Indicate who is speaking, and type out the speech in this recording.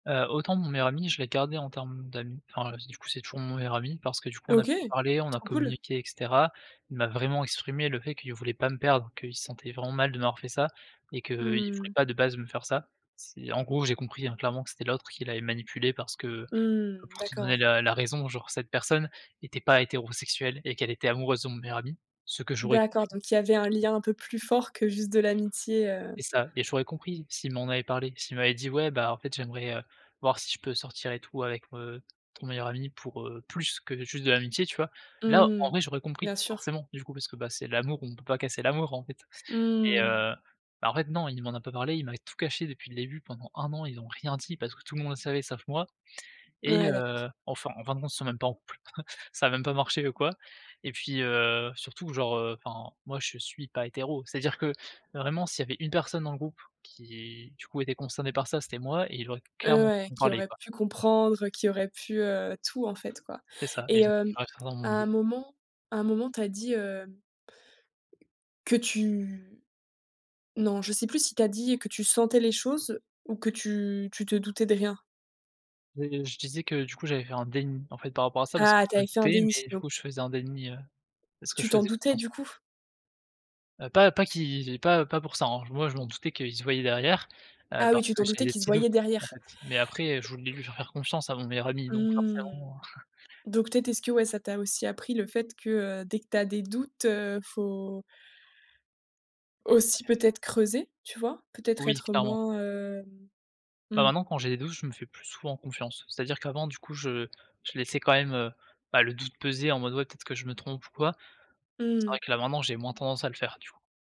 Speaker 1: Heu, autant mon meilleur ami, je l'ai gardé en termes d'amis, enfin du coup, c'est toujours mon meilleur ami parce que, du coup, on a
Speaker 2: OK,
Speaker 1: pu parler, on a
Speaker 2: trop cool.
Speaker 1: communiqué et cetera. Il m'a vraiment exprimé le fait qu'il voulait pas me perdre, qu'il se sentait vraiment mal de m'avoir fait ça et qu'il voulait
Speaker 2: Mmh.
Speaker 1: pas de base me faire ça. C'est en gros, j'ai compris, hein, clairement que c'était l'autre qui l'avait manipulé parce que,
Speaker 2: Mmh.
Speaker 1: pour te
Speaker 2: D'accord,
Speaker 1: donner
Speaker 2: ouais.
Speaker 1: la la raison, genre cette personne était pas hétérosexuelle et qu'elle était amoureuse de mon meilleur ami, ce que j'aurais compris.
Speaker 2: D'accord donc il y avait un lien un peu plus fort que juste de l'amitié, heu.
Speaker 1: C'est ça, et j'aurais compris s'il m'en avait parlé, s'il m'avait dit: «Ouais, bah, en fait, j'aimerais, heu, voir si je peux sortir et tout avec, heu, ton meilleur ami pour, heu, plus que juste de l'amitié», tu vois? Là en
Speaker 2: Mmh.
Speaker 1: vrai j'aurais
Speaker 2: Bien
Speaker 1: compris
Speaker 2: sûr.
Speaker 1: forcément, du coup, parce que, bah, c'est l'amour, on peut pas casser l'amour, en fait, mais
Speaker 2: Mmh.
Speaker 1: heu, bah, en fait, non, il m'en a pas parlé, il m'a tout caché depuis le début pendant 1 an, ils ont rien dit parce que tout le monde le savait sauf moi et
Speaker 2: Ouais, d'accord.
Speaker 1: heu, enfin enfin de compte ils sont même pas en couple, ça a même pas marché, heu, quoi, et puis, heu, surtout genre, heu, enfin, moi, je suis pas hétéro, c'est-à-dire que vraiment s'il y avait une personne dans le groupe qui, du coup, était concernée par ça, c'était moi et il aurait
Speaker 2: Heu,
Speaker 1: clairement
Speaker 2: ouais.
Speaker 1: pu me
Speaker 2: Qui
Speaker 1: parler,
Speaker 2: aurait
Speaker 1: quoi.
Speaker 2: pu comprendre, heu, qui aurait pu, heu, tout en fait, quoi,
Speaker 1: C'est ça, et
Speaker 2: et
Speaker 1: d
Speaker 2: heu,
Speaker 1: ça restera dans
Speaker 2: à
Speaker 1: mon
Speaker 2: un
Speaker 1: dos.
Speaker 2: moment à un moment, tu as dit, heu, que tu non, je sais plus si tu as dit que tu sentais les choses ou que tu tu te doutais de rien?
Speaker 1: Heu, je disais que, du coup, j'avais fait un déni, en fait, par rapport à ça parce que
Speaker 2: Ah, tu
Speaker 1: je
Speaker 2: avais
Speaker 1: me
Speaker 2: fait un
Speaker 1: doutais
Speaker 2: déni,
Speaker 1: mais du
Speaker 2: donc
Speaker 1: coup, je faisais un déni, heu, parce que je
Speaker 2: tu t'en
Speaker 1: faisais
Speaker 2: doutais
Speaker 1: confiance.
Speaker 2: du coup?
Speaker 1: Heu, pas pas qui pas pas pour ça, hein, moi je m'en doutais qu'ils se voyaient derrière, heu,
Speaker 2: Ah oui,
Speaker 1: parce
Speaker 2: tu
Speaker 1: que
Speaker 2: t'en
Speaker 1: j'avais
Speaker 2: doutais
Speaker 1: des
Speaker 2: qu'ils se
Speaker 1: petits doutes,
Speaker 2: voyaient
Speaker 1: en
Speaker 2: derrière.
Speaker 1: fait, mais après, je voulais lui faire faire confiance à mon meilleur ami donc
Speaker 2: Mmh,
Speaker 1: forcément.
Speaker 2: donc peut-être, est-ce que, ouais, ça t'a aussi appris le fait que, heu, dès que tu as des doutes, heu, faut
Speaker 1: Ouais.
Speaker 2: aussi peut-être creuser, tu vois? Peut-être
Speaker 1: Oui
Speaker 2: être
Speaker 1: clairement.
Speaker 2: moins, hem,
Speaker 1: Bah,
Speaker 2: mmh.
Speaker 1: maintenant quand j'ai des doutes, je me fais plus souvent confiance. C'est-à-dire qu'avant du coup je je laissais quand même, heu, bah, le doute peser en mode: «Ouais, peut-être que je me trompe ou quoi.» c'est
Speaker 2: Mmh.
Speaker 1: vrai que là maintenant j'ai moins tendance à le faire, du coup.